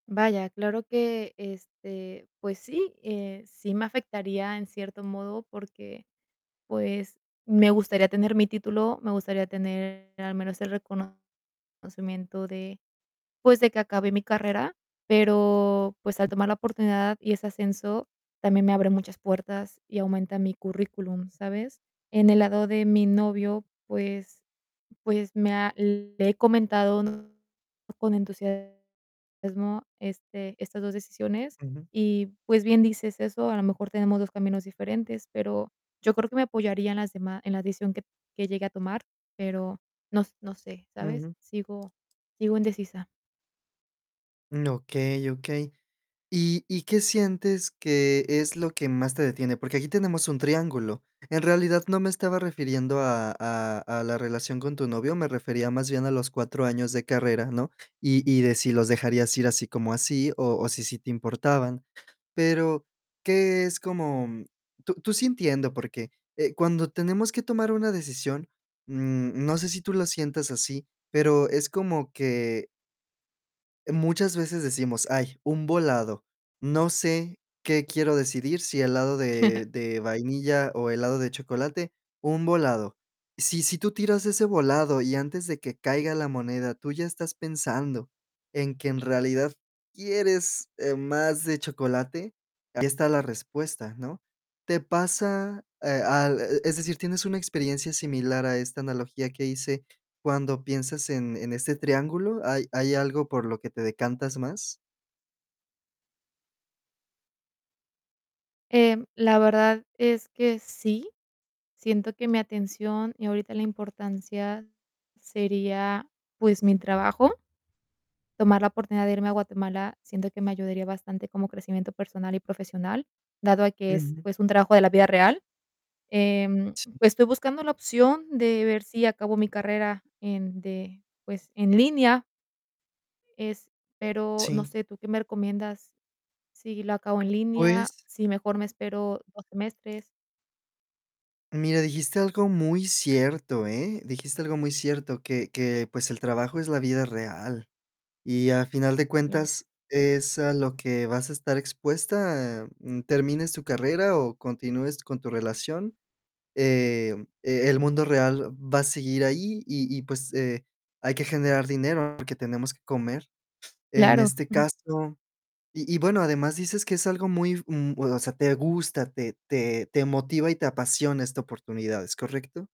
Vaya, claro que este, pues sí, eh, sí me afectaría en cierto modo, porque, pues, me gustaría tener mi título, me gustaría tener al menos el reconocimiento, de pues, de que acabé mi carrera. Pero, pues, al tomar la oportunidad y ese ascenso, también me abre muchas puertas y aumenta mi currículum, ¿sabes? En el lado de mi novio, pues pues, me ha le he comentado con entusiasmo este, estas 2 decisiones, Ujú. y pues, bien dices eso. A lo mejor tenemos 2 caminos diferentes, pero yo creo que me apoyaría en las dema en la decisión, que que llegue a tomar, pero no no sé, ¿sabes? Ujú. Sigo sigo indecisa. Okey, okey. ¿Y y qué sientes, que es lo que más te detiene? Porque aquí, tenemos un triángulo. En realidad, no me estaba refiriendo, a a a la relación con tu novio, me refería, más bien, a los 4 años de carrera, ¿no? Y y de si los dejarías ir, así como así, o o si sí te importaban. Pero, ¿qué es, como? Tú tú sí entiendo. Porque, eh, cuando tenemos que tomar una decisión, mm, no sé si tú lo sientas así, pero es como que muchas veces decimos: "Ay, un volado. No sé qué quiero decidir. Si helado de de vainilla, o helado de chocolate. Un volado". Si si tú tiras ese volado, y antes de que caiga la moneda, tú ya estás pensando, en que en realidad, quieres, eh, más de chocolate, ahí está la respuesta, ¿no? ¿Te pasa, eh, al? Es decir, ¿tienes una experiencia similar a esta analogía que hice, cuando piensas en en este triángulo? ¿Hay hay algo por lo que te decantas más? Eh, la verdad, es que sí, siento que mi atención, y ahorita, la importancia sería, pues mi trabajo, tomar la oportunidad de irme a Guatemala, siento que me ayudaría bastante, como crecimiento personal y profesional, dado a que es, Ujú. pues, un trabajo de la vida real. Em, Sí. estoy buscando la opción, de ver, si acabo mi carrera, en de pues, en línea. Es pero, no Sí. sé, ¿tú qué me recomiendas? Si lo acabo en línea, Pues si mejor me espero 2 semestres. mira, dijiste algo muy cierto, ¿eh? Dijiste algo muy cierto, que que pues, el trabajo es la vida real. Y a final de Claro. cuentas, es a lo que vas a estar expuesta, termines tu carrera o continúes con tu relación. Eh, e el mundo real va a seguir ahí, y y pues, eh, hay que generar dinero, porque tenemos que comer, en Claro. este caso. Y y bueno, además, dices que es algo muy, mm, o sea, te gusta, te te te motiva, y te apasiona esta oportunidad, ¿es correcto?